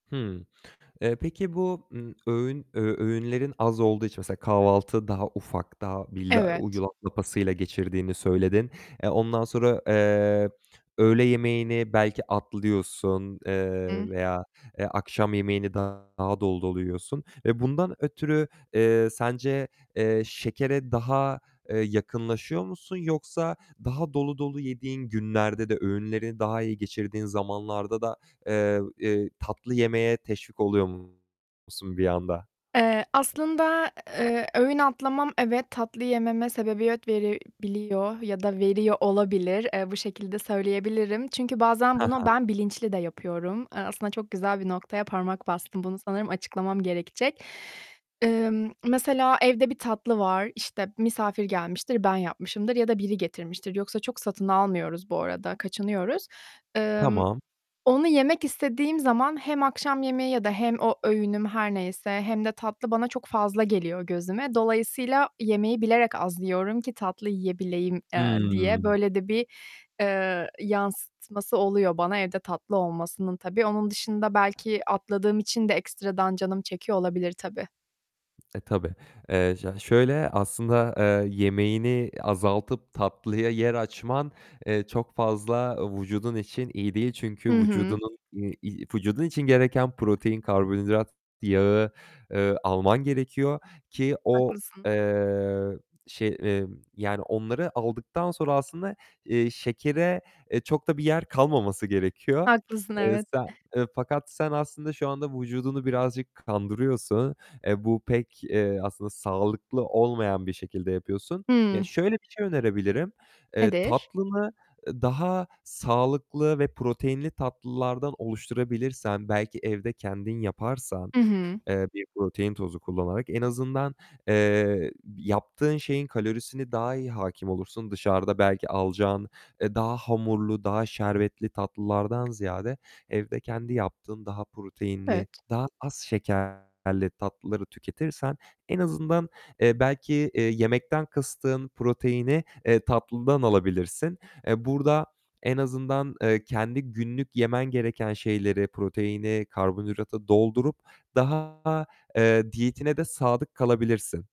Hımm, eee, peki, bu, ımm, öğün ö öğünlerin az olduğu için mesela kahvaltı daha ufak, daha bir Evet. yulaf lapasıyla geçirdiğini söyledin. Eee, ondan sonra, eee, öğle yemeğini belki atlıyorsun, eee, Hı. veya akşam, eee, yemeğini daha dolu dolu yiyorsun, eee, bundan ötürü, eee, sence, eee, şekere daha, eee, yakınlaşıyor musun, yoksa daha dolu dolu yediğin günlerde de öğünleri daha iyi geçirdiğin zamanlarda da, eee, eee, tatlı yemeye teşvik oluyor musun bir anda? Eee, aslında, eee, öğün atlamam evet, tatlı yememe sebebiyet verebiliyor ya da veriyor olabilir. Eee, bu şekilde söyleyebilirim. Çünkü bazen He bunu he. ben bilinçli de yapıyorum; eee, aslında çok güzel bir noktaya parmak bastın, bunu sanırım açıklamam gerekecek. Eee, mesela evde bir tatlı var, işte misafir gelmiştir, ben yapmışımdır ya da biri getirmiştir. Yoksa çok satın almıyoruz bu arada, kaçınıyoruz. Emm, Tamam. onu yemek istediğim zaman hem akşam yemeği ya da hem o öğünüm her neyse hem de tatlı bana çok fazla geliyor gözüme. Dolayısıyla yemeği bilerek az yiyorum ki tatlı yiyebileyim, eee, diye Hımm. böyle de bir, eee, yansıtması oluyor bana evde tatlı olmasının tabii. Onun dışında belki atladığım için de ekstradan canım çekiyor olabilir tabii. E, tabii, eee, ş şöyle aslında, eee, yemeğini azaltıp tatlıya yer açman, eee, çok fazla vücudun için iyi değil, çünkü Hı hı. vücudunun, i vücudun için gereken protein, karbonhidrat, yağı, eee, alman gerekiyor ki o, Haklısın. eee, şey, ımm, yani onları aldıktan sonra aslında, eee, şekere, eee, çok da bir yer kalmaması gerekiyor. Haklısın Eee, evet. sen fakat sen aslında şu anda vücudunu birazcık kandırıyorsun. Eee, bu pek, eee, aslında sağlıklı olmayan bir şekilde yapıyorsun. Ya, Hımm. şöyle bir şey önerebilirim: Eee, Nedir? tatlını, eee, daha sağlıklı ve proteinli tatlılardan oluşturabilirsen, belki evde kendin yaparsan, Hı hı. eee, bir protein tozu kullanarak en azından, eee, yaptığın şeyin kalorisini daha iyi hâkim olursun. Dışarıda belki alacağın daha hamurlu, daha şerbetli tatlılardan ziyade evde kendi yaptığın daha proteinli, Evet. daha az şekerli tatlıları tüketirsen en azından, eee, belki, eee, yemekten kıstığın proteini, eee, tatlıdan alabilirsin. Eee, burada en azından, eee, kendi günlük yemen gereken şeyleri, proteini, karbonhidratı doldurup daha, eee, diyetine de sadık kalabilirsin.